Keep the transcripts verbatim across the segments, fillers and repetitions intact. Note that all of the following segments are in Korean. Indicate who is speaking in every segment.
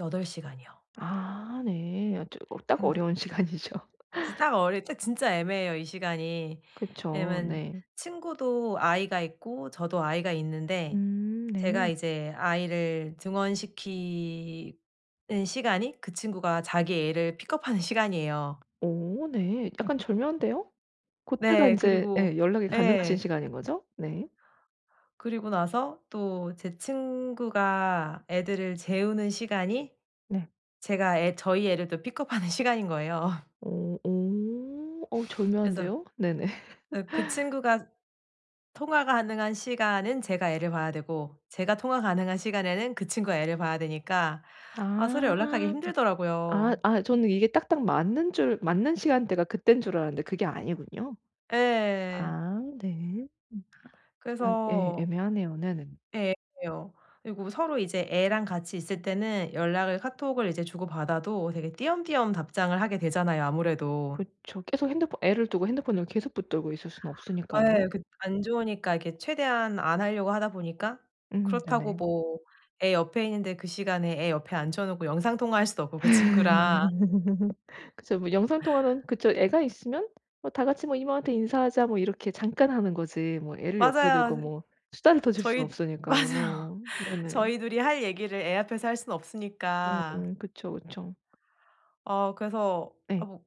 Speaker 1: 여덟 시간이요.
Speaker 2: 아 네. 어 저 어 딱
Speaker 1: 근데
Speaker 2: 어려운 시간이죠.
Speaker 1: 이제 딱 어릴 때 진짜 애매해요 이 시간이.
Speaker 2: 그쵸.
Speaker 1: 왜냐하면
Speaker 2: 네.
Speaker 1: 친구도 아이가 있고 저도 아이가 있는데
Speaker 2: 음. 네.
Speaker 1: 제가 이제 아이를 등원시키는 시간이 그 친구가 자기 애를 픽업하는 시간이에요.
Speaker 2: 오 네. 약간 절묘한데요? 고때가
Speaker 1: 네.
Speaker 2: 인제
Speaker 1: 그리고
Speaker 2: 예 연락이 가능하신
Speaker 1: 예.
Speaker 2: 시간인 거죠? 네.
Speaker 1: 그리고 나서 또 제 친구가 애들을 재우는 시간이
Speaker 2: 네.
Speaker 1: 제가 애 저희 애를 또 픽업하는 시간인 거예요.
Speaker 2: 오. 오. 어
Speaker 1: 그래서
Speaker 2: 절묘한데요? 네네.
Speaker 1: 어 그 친구가 통화 가능한 시간은 제가 애를 봐야 되고 제가 통화 가능한 시간에는 그 친구가 애를 봐야 되니까 아 서로
Speaker 2: 아.
Speaker 1: 연락하기
Speaker 2: 아
Speaker 1: 힘들더라고요.
Speaker 2: 아 저는 이게 딱딱 맞는 줄 맞는 시간대가 그때인 줄 알았는데 그게 아니군요?
Speaker 1: 예.
Speaker 2: 아 네. 음. 아 예.
Speaker 1: 그래서
Speaker 2: 애매하네요. 네네.
Speaker 1: 예 애매해요. 그리고 서로 이제 애랑 같이 있을 때는 연락을 카톡을 이제 주고받아도 되게 띄엄띄엄 답장을 하게 되잖아요 아무래도.
Speaker 2: 그쵸. 계속 핸드폰 애를 두고 핸드폰을 계속 붙들고 있을 수는 없으니까요.
Speaker 1: 예. 그 안 좋으니까 이렇게 최대한 안 하려고 하다 보니까
Speaker 2: 음
Speaker 1: 그렇다고
Speaker 2: 네네.
Speaker 1: 뭐 애 옆에 있는데 그 시간에 애 옆에 앉혀 놓고 영상통화 할 수도 없고 그 친구랑.
Speaker 2: 그쵸. 뭐 영상통화는 그쵸 애가 있으면 뭐 다 같이 뭐 "이모한테 인사하자." 뭐 이렇게 잠깐 하는 거지. 뭐 애를 옆에 두고
Speaker 1: 맞아요.
Speaker 2: 뭐 수다를 떠실 수는
Speaker 1: 저희 맞아요.
Speaker 2: 없으니까요. 네네.
Speaker 1: 저희 둘이 할 얘기를 애 앞에서 할 순 없으니까.
Speaker 2: 음 그쵸 그쵸.
Speaker 1: 어 그래서 아
Speaker 2: 네.
Speaker 1: 뭐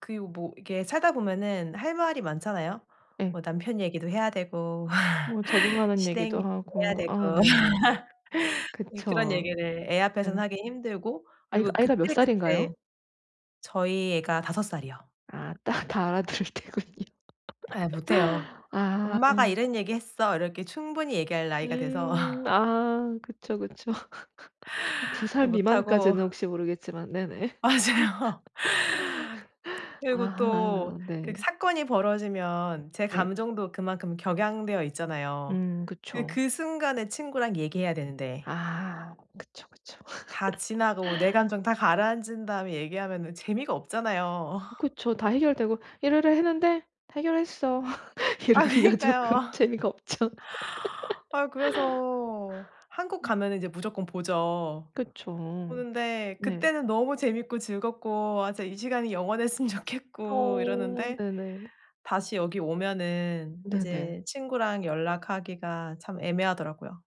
Speaker 1: 그리고 뭐 이게 살다 보면은 할 말이 많잖아요.
Speaker 2: 예.
Speaker 1: 뭐 남편 얘기도 해야 되고
Speaker 2: 뭐 적응하는
Speaker 1: 시댁
Speaker 2: 얘기도
Speaker 1: 얘기도 해야
Speaker 2: 하고 아
Speaker 1: 되고.
Speaker 2: 네네.
Speaker 1: 예 그런
Speaker 2: 그쵸.
Speaker 1: 얘기를 애 앞에선
Speaker 2: 예.
Speaker 1: 하기 힘들고
Speaker 2: 아이가
Speaker 1: 그리고
Speaker 2: 아이가 몇 살인가요?
Speaker 1: 그때그때 저희 애가 다섯 살이요.
Speaker 2: 아. 딱 다 알아 들을 때군요.
Speaker 1: 예. 못해요.
Speaker 2: 아
Speaker 1: "엄마가
Speaker 2: 음.
Speaker 1: 이런 얘기했어." 이렇게 충분히 얘기할 나이가 돼서
Speaker 2: 음. 아. 그쵸, 그쵸. 두 살
Speaker 1: 못하고.
Speaker 2: 미만까지는 혹시 모르겠지만. 네네.
Speaker 1: 맞아요. 그리고
Speaker 2: 아
Speaker 1: 또 그
Speaker 2: 네.
Speaker 1: 사건이 벌어지면 제
Speaker 2: 네.
Speaker 1: 감정도 그만큼 격양되어 있잖아요.
Speaker 2: 음
Speaker 1: 예
Speaker 2: 그쵸.
Speaker 1: 그 순간에 친구랑 얘기해야 되는데
Speaker 2: 아. 그쵸, 그쵸.
Speaker 1: 다 지나도 내 감정 다 가라앉은 다음에 얘기하면은 재미가 없잖아요.
Speaker 2: 그쵸. 다 해결되고 "이러이러 했는데 해결했어."
Speaker 1: 아
Speaker 2: 이러기가 조끔
Speaker 1: 그니까요.
Speaker 2: 재미가 없죠.
Speaker 1: 아유 그래서 한국
Speaker 2: 음.
Speaker 1: 가면은 이제 무조건 보죠.
Speaker 2: 그쵸.
Speaker 1: 보는데
Speaker 2: 네.
Speaker 1: 그때는 너무 재미있고 즐겁고 아 저 이 시간이 영원했으면 좋겠고
Speaker 2: 어
Speaker 1: 이러는데
Speaker 2: 네네.
Speaker 1: 다시 여기 오면은
Speaker 2: 네네.
Speaker 1: 이제 친구랑 연락하기가 참 애매하더라고요.